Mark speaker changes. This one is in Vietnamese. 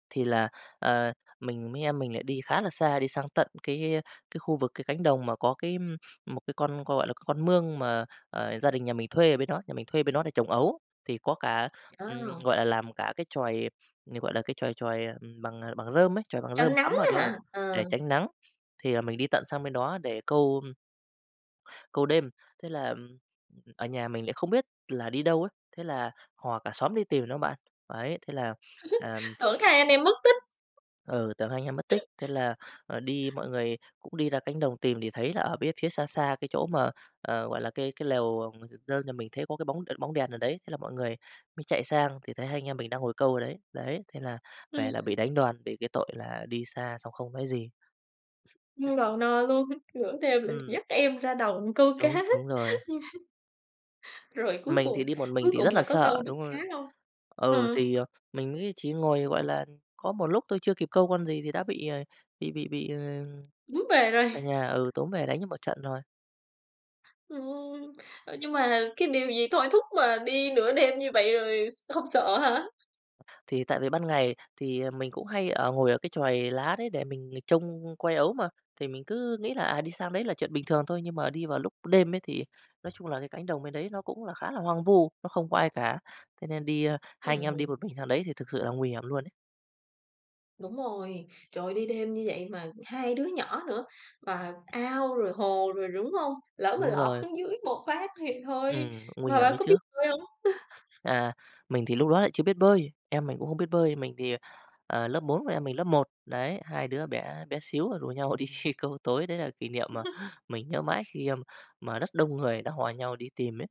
Speaker 1: Thì là, ờ, mình mí em mình lại đi khá là xa, đi sang tận cái cái khu vực cái cánh đồng mà có cái một cái con, gọi là, con mương mà, ờ, gia đình nhà mình thuê ở bên đó, nhà mình thuê ở bên đó để trồng ấu. Thì có cả, ừm,
Speaker 2: Ồ.
Speaker 1: gọi là, làm cả cái chòi, ờ, gọi là, cái chòi chòi bằng bằng rơm ấy chòi bằng
Speaker 2: Tránh
Speaker 1: rơm
Speaker 2: nắng
Speaker 1: cắm ở
Speaker 2: nữa
Speaker 1: đó
Speaker 2: ha, ờ.
Speaker 1: để tránh nắng, thì là mình đi tận sang bên đó để câu câu đêm. Thế là ở nhà mình lại không biết là đi đâu ấy, thế là hò cả xóm đi tìm đó bạn, đấy, thế là, ừm
Speaker 2: Tưởng hai anh em mất tích.
Speaker 1: Ừ, tưởng hai anh em mất tích, thế là, à, đi mọi người cũng đi ra cánh đồng tìm thì thấy là ở bía phía xa xa cái chỗ mà, ờ, gọi là, cái cái lều, ơ, nhà mình thấy có cái bóng bóng đèn ở đấy, thế là mọi người mới chạy sang thì thấy hai anh em mình đang ngồi câu ở đấy. Đấy, thế là về
Speaker 2: Ừm.
Speaker 1: là bị đánh đòn vì cái tội là đi xa xong không nói gì.
Speaker 2: Ăn đòn no luôn, nửa đêm lại
Speaker 1: Ừm.
Speaker 2: dắt em ra đồng câu
Speaker 1: Đúng,
Speaker 2: cá.
Speaker 1: đúng rồi.
Speaker 2: Rồi cuối
Speaker 1: Mình thì
Speaker 2: cùng
Speaker 1: đi một mình
Speaker 2: cuối
Speaker 1: thì
Speaker 2: cùng
Speaker 1: rất là
Speaker 2: là có
Speaker 1: sợ,
Speaker 2: câu được
Speaker 1: đúng
Speaker 2: cá
Speaker 1: rồi.
Speaker 2: hông?
Speaker 1: Ừ,
Speaker 2: Ờ.
Speaker 1: thì mình nghĩ chỉ ngồi, gọi là, có một lúc thôi, chưa kịp câu con gì thì đã bị, ờ, bị bị bị, ờ,
Speaker 2: Túm về rồi.
Speaker 1: cả nhà, ừ, túm về đánh cho một trận rồi.
Speaker 2: Ừm. Nhưng mà cái điều gì thôi thúc mà đi nửa đêm như vậy rồi s hông sợ hả?
Speaker 1: Thì tại vì ban ngày thì mình cũng hay ở ngồi ở cái chòi lá đấy để mình trông coi ấu mà, thì mình cứ nghĩ là, à, đi sang đấy là chuyện bình thường thôi. Nhưng mà đi vào lúc đêm ấy thì nói chung là cái cánh đồng bên đấy nó cũng là khá là hoang vu, nó không có ai cả. Thế nên đi hai anh em đi
Speaker 2: Ừm.
Speaker 1: một mình sang đấy thì thực sự là nguy hiểm luôn ấy.
Speaker 2: Đúng rồi. Trời ơi, đi đêm như vậy mà hai đứa nhỏ nữa, và ao rồi hồ rồi đúng hông? Lỡ mà
Speaker 1: Đúng
Speaker 2: lọt
Speaker 1: rồi.
Speaker 2: xuống dưới một phát thì thôi.
Speaker 1: Ừm, nguy
Speaker 2: Mà bạn
Speaker 1: hiểm ấy
Speaker 2: có biết
Speaker 1: chứ.
Speaker 2: bơi hông?
Speaker 1: À, mình thì lúc đó lại chưa biết bơi, em mình cũng không biết bơi. Mình thì, à, lớp 4, còn em mình lớp 1. Đấy, hai đứa bé bé xíu rồi rủ nhau đi câu tối, đấy là kỷ niệm mà mình nhớ mãi khi mà rất đông người đã hò nhau đi tìm ấy.